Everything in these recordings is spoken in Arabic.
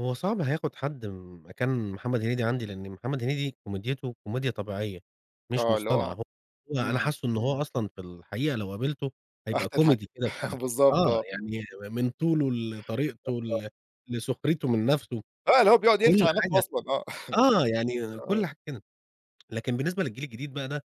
هو صعب هياخد حد مكان محمد هنيدي عندي، لأن محمد هنيدي كوميديته كوميديا طبيعيّة مش آه، اللي مصطنعة، هو هو أنا امم. حاسه إن هو أصلًا في الحقيقة لو قابلته راح هيبقى تضحك، كوميدي كده فعلًا، بالضبط آه، آه. يعني من طوله، لطريقته، [unintelligible] ل لسخريته من نفسه آه، اللي هو بيقعد يقلش كل على نفسه حاجة، أصلًا آه. آه، يعني آه. كل حاجة لكن بالنسبة للجيل الجديد بقى ده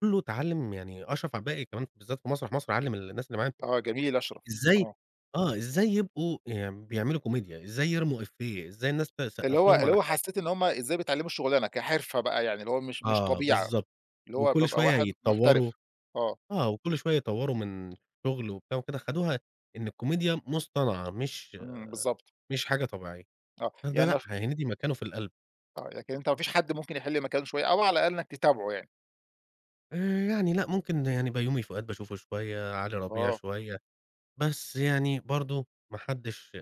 كلّه اتعلم يعني أشرف عبد الباقي كمان بالذات في مسرح مصر علم الناس اللي معاه آه، جميل أشرف، إزاي آه. آه، إزاي يبقوا بيعملوا كوميديا، زي يرموا إيفيه إزاي الناس اللي تسقف هو لهم اللي على هو حاجة. حسّيت إن هم إزاي بيتعلموا الشغلانة كحرفة بقى يعني، اللي هو مش مش آه، طبيعة بالضبط. اللي هو وكل ببقى شويّة واحد يتطوروا محترف، آه. آه، وكل شويّة يطوروا من الشغل وبتاع وكده خدوها إن الكوميديا مصطنعة مش امم، بالضبط. مش حاجة طبيعيّة، آه، ه ده يعني لأ هنيدي مكانه في القلب. آه، لكن أنت ما فيش حد ممكن يحل مكانه شوية أو على أقل إنك تتابعه يعني؟ آآ، يعني لأ ممكن يعني بيومي فؤاد باشوفه شويّة، على ربيع آه. شويّة، بس يعني برضو ما حدش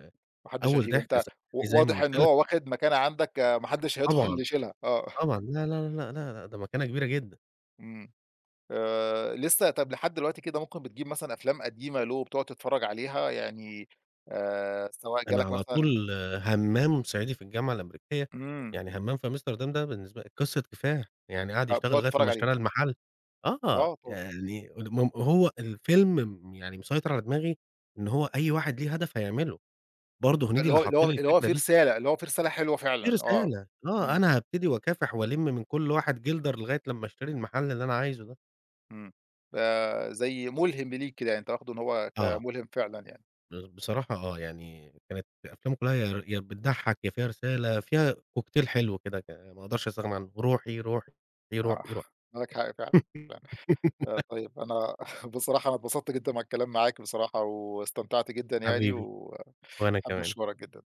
ما حدش أوّل هيشيله ضحكة أنت [unintelligible] و زي ما واضح إن قلت لك هو واخد مكانة عندك ما حدش هيدخل طبعًا، يشيلها، آه. طبعًا، لا، لا، لا، لأ، لأ ده مكانة كبيرة جدًا. امم، آآ، لسّه طب لحد دلوقتي كده ممكن بتجيب مثلًا أفلام قديمة له، وبتقعد تتفرّج عليها يعني آآ، سواء أنا جالك على مثلًا طول همام صعيدي في الجامعة الأمريكية، امم. يعني همام في أمستردام ده بالنسبة قصّة كفاح، يعني قعد يشتغل هتقعد لغاية تتفرج لمّا عليه. اشتري المحل آه، آه، طبعًا. يعني هو الفيلم يعني مسيطر على دماغي إن هو أي واحد ليه هدف هيعمله، برضو هنيدي اللي اللي هو حط اللي هو لي اللي هو الفكرة في دي. رسالة، اللي هو في رسالة حلوة في فعلًا آه، رسالة آه، امم. أنا هابتدي وأكافح والِم من كل واحد جلدر لغاية لمّا أشتري المحل اللي أنا عايزه ده. امم، آآ، زي ملهم ليك كده، يعني أنت واخده إن هو آه. كملهم فعلًا يعني. بصراحة آه، يعني كانت أفلام كلها يا بتضحك، يا فيها رسالة فيها كوكتيل حلو كده ما أقدرش أستغنى عنه روحي، روحي، آه، روحي، روحي. معاك حق فعلًا، ف طيّب أنا بصراحة أنا اتبسطت جدًا مع الكلام معاك، بصراحة واستمتعت جدًا يعني، حبيبي، وأحب وأنا كمان. أشكرك جدًا.